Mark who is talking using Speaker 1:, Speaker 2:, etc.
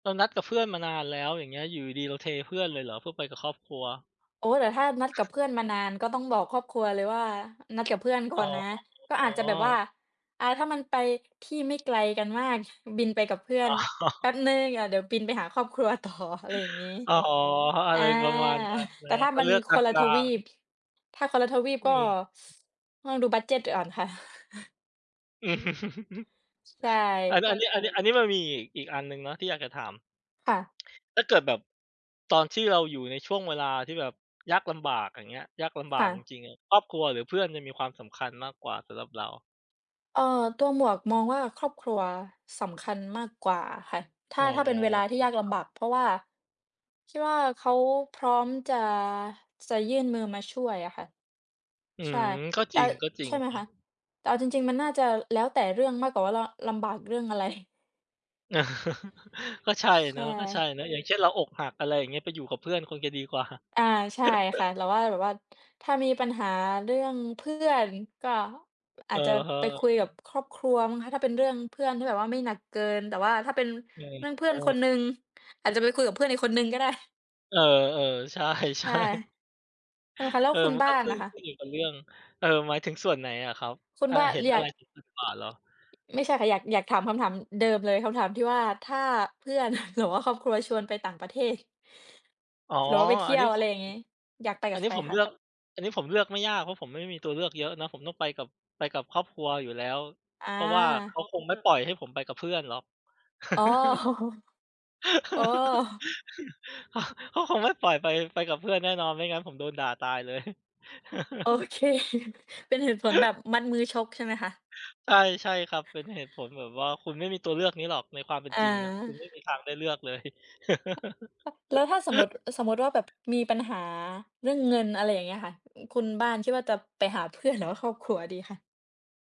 Speaker 1: เรานัดกับเพื่อนมานานแล้ว อย่างเงี้ย อยู่ดี ๆ เราเทเพื่อนเลยเหรอเพื่อไปกับครอบครัว?
Speaker 2: โอ๊ย แต่ถ้านัดกับเพื่อนมานานก็ต้องบอกครอบครัวเลยว่า "นัดกับ เพื่อนก
Speaker 1: อ๋
Speaker 2: ่อนนะ" ก็อาจจะแบบว่า
Speaker 1: อ
Speaker 2: อ่า ถ้ามันไปที่ไม่ ไกลกันมาก บินไปกับเพื่อ
Speaker 1: อ
Speaker 2: น
Speaker 1: ๋
Speaker 2: แป
Speaker 1: อ
Speaker 2: ๊บหนึ่ง อา เดี๋ยวบินไปหาครอบครัว ต่อ อะไรอย่างงี้
Speaker 1: อ๋อ อ
Speaker 2: อ
Speaker 1: ะ
Speaker 2: า
Speaker 1: ไรประมาณนั้นเน
Speaker 2: แ
Speaker 1: า
Speaker 2: ต่
Speaker 1: ะ
Speaker 2: ถ้า
Speaker 1: ก็
Speaker 2: มั
Speaker 1: เ
Speaker 2: น
Speaker 1: ลือกก
Speaker 2: คนละ
Speaker 1: ล
Speaker 2: ท
Speaker 1: า
Speaker 2: วี
Speaker 1: ง
Speaker 2: ป
Speaker 1: ๆ
Speaker 2: ถ้าคนละทวีปก
Speaker 1: ม
Speaker 2: ็
Speaker 1: ี
Speaker 2: ต้องดูบัดเจด จ อ่อนค่ะ ใช
Speaker 1: อัน
Speaker 2: ่
Speaker 1: อันนี้ อันนี้ อันนี้มันมีอีก อีกอันหนึ่งเนาะที่อยากจะถาม
Speaker 2: ค่ะ
Speaker 1: ถ้าเกิดแบบตอนที่เราอยู่ในช่วงเวลาที่แบบยากลำบาก อย่างเงี้ย ยากลำบ
Speaker 2: ค
Speaker 1: า
Speaker 2: ่
Speaker 1: กจ
Speaker 2: ะ
Speaker 1: ริง ๆ อะ ครอบครัวหรือเพื่อนจะมีความสำคัญมากกว่าสำหรับเรา?
Speaker 2: เอ่อ ตัวหมวกมองว่า ครอบครัวสำคัญมากกว่าค่ะ ถ้
Speaker 1: อ๋
Speaker 2: า
Speaker 1: อ
Speaker 2: ถ้าเป็นเวลาที่ยากล
Speaker 1: ครั
Speaker 2: ำบ
Speaker 1: บ
Speaker 2: าก เพราะว่า คิดว่าเขาพร้อมจะ จะยื่นมือมาช่วยอะค่ะ
Speaker 1: อื
Speaker 2: ใช่
Speaker 1: ม ก็
Speaker 2: แต
Speaker 1: จ
Speaker 2: ่
Speaker 1: ริง ก็จริ
Speaker 2: ใช
Speaker 1: ง
Speaker 2: ่ไหม
Speaker 1: ครั
Speaker 2: คะ?
Speaker 1: บ
Speaker 2: แต่เอาจริง ๆ มันน่าจะแล้วแต่เรื่องมากกว่าว่า เราลำบากเรื่อง อะไร?
Speaker 1: ก็ใช่
Speaker 2: ช ใช
Speaker 1: เนาะ
Speaker 2: ่
Speaker 1: ก็ใช่เนาะ อย่างเช่น เราอกหัก อะไรอย่างเงี้ย ไปอยู่กับเพื่อนคงจะดีกว่า
Speaker 2: อา ใช่ค่ะ แต่ว่าแบบว่า ถ้ามีปัญหาเรื่องเพื่อนก็อ
Speaker 1: อ
Speaker 2: า
Speaker 1: ะ
Speaker 2: จจะ
Speaker 1: ฮะ
Speaker 2: ไปคุยกับครอบครัวมั้งคะ ถ้าเป็นเรื่องเพื่อนที่แบบว่าไม่หนักเกิน แต่ว่าถ้าเป็น
Speaker 1: อืม
Speaker 2: เรื่องเพื
Speaker 1: อ
Speaker 2: ่อ
Speaker 1: ้
Speaker 2: นค
Speaker 1: อ
Speaker 2: นหนึ่ง อาจจะไปคุยกับเพื่อนอีกคนหนึ่งก็ได้
Speaker 1: เออ ๆ ใช
Speaker 2: ใช
Speaker 1: ่
Speaker 2: ่ ใช่ไหมคะ แล้
Speaker 1: ๆ เ
Speaker 2: ว
Speaker 1: ออ
Speaker 2: คุณ
Speaker 1: มัน
Speaker 2: บ้
Speaker 1: ก
Speaker 2: า
Speaker 1: ็
Speaker 2: น
Speaker 1: ขึ้
Speaker 2: น่ะ
Speaker 1: น
Speaker 2: ค
Speaker 1: ขึ
Speaker 2: ะ?
Speaker 1: ้นอยู่กับเรื่อง เอ่อ หมายถึงส่วนไหนอะครับ
Speaker 2: คุณ
Speaker 1: อ่า
Speaker 2: บ้า
Speaker 1: เห็
Speaker 2: เ
Speaker 1: น
Speaker 2: รี
Speaker 1: อ
Speaker 2: ย
Speaker 1: ะไร
Speaker 2: ก
Speaker 1: สำคัญกว่าเหรอ?
Speaker 2: ไม่ใช่ค่ะ อยาก อยากถามคำถามเดิมเลย คำถามที่ว่า ถ้าเพื่อน หรือว่าครอบครัวชวนไปต่างประเทศ
Speaker 1: อ๋อ
Speaker 2: หรือว่าไปเท
Speaker 1: อั
Speaker 2: ี
Speaker 1: น
Speaker 2: ่
Speaker 1: น
Speaker 2: ย
Speaker 1: ี้
Speaker 2: ว อ
Speaker 1: ผ
Speaker 2: ะไร
Speaker 1: ม
Speaker 2: อย่างงี้ อยากไป
Speaker 1: อ
Speaker 2: ก
Speaker 1: ั
Speaker 2: ั
Speaker 1: น
Speaker 2: บ
Speaker 1: น
Speaker 2: ใ
Speaker 1: ี้
Speaker 2: คร
Speaker 1: ผม
Speaker 2: ค
Speaker 1: เล
Speaker 2: ะ?
Speaker 1: ือก อันนี้ผมเลือกไม่ยาก เพราะผมไม่มีตัวเลือกเยอะเนาะ ผมต้องไปกับ ไปกับครอบครัวอยู่แล้ว
Speaker 2: อ
Speaker 1: เพราะว่า เข
Speaker 2: า
Speaker 1: าคงไม่ปล่อยให้ผมไปกับเพื่อนหรอก
Speaker 2: อ๋อ อ๋อ
Speaker 1: เขา เขาคงไม่ ปล่อยไป ไปกับเพื่อนแน่นอน ไม่งั้นผมโดนด่าตายเลย
Speaker 2: โอเค เป็นเหตุผลแบบมัดมือชกใช่ไหมคะ?
Speaker 1: ใช่ ใช่ครับ เป็นเหตุผลแบบว่า คุณไม่มีตัวเลือกนี้หรอกในความเป็น
Speaker 2: อ
Speaker 1: จริงนะ คุณไม่
Speaker 2: า
Speaker 1: มีทางได้เลือกเลย
Speaker 2: ป ป แล้วถ้าสมมุติ เออ สมมุติว่าแบบมีปัญหาเรื่องเงิน อะไรอย่างเงี้ยค่ะ คุณบ้านคิดว่าจะไปหาเพื่อนหรือว่าครอบครัวดีคะ?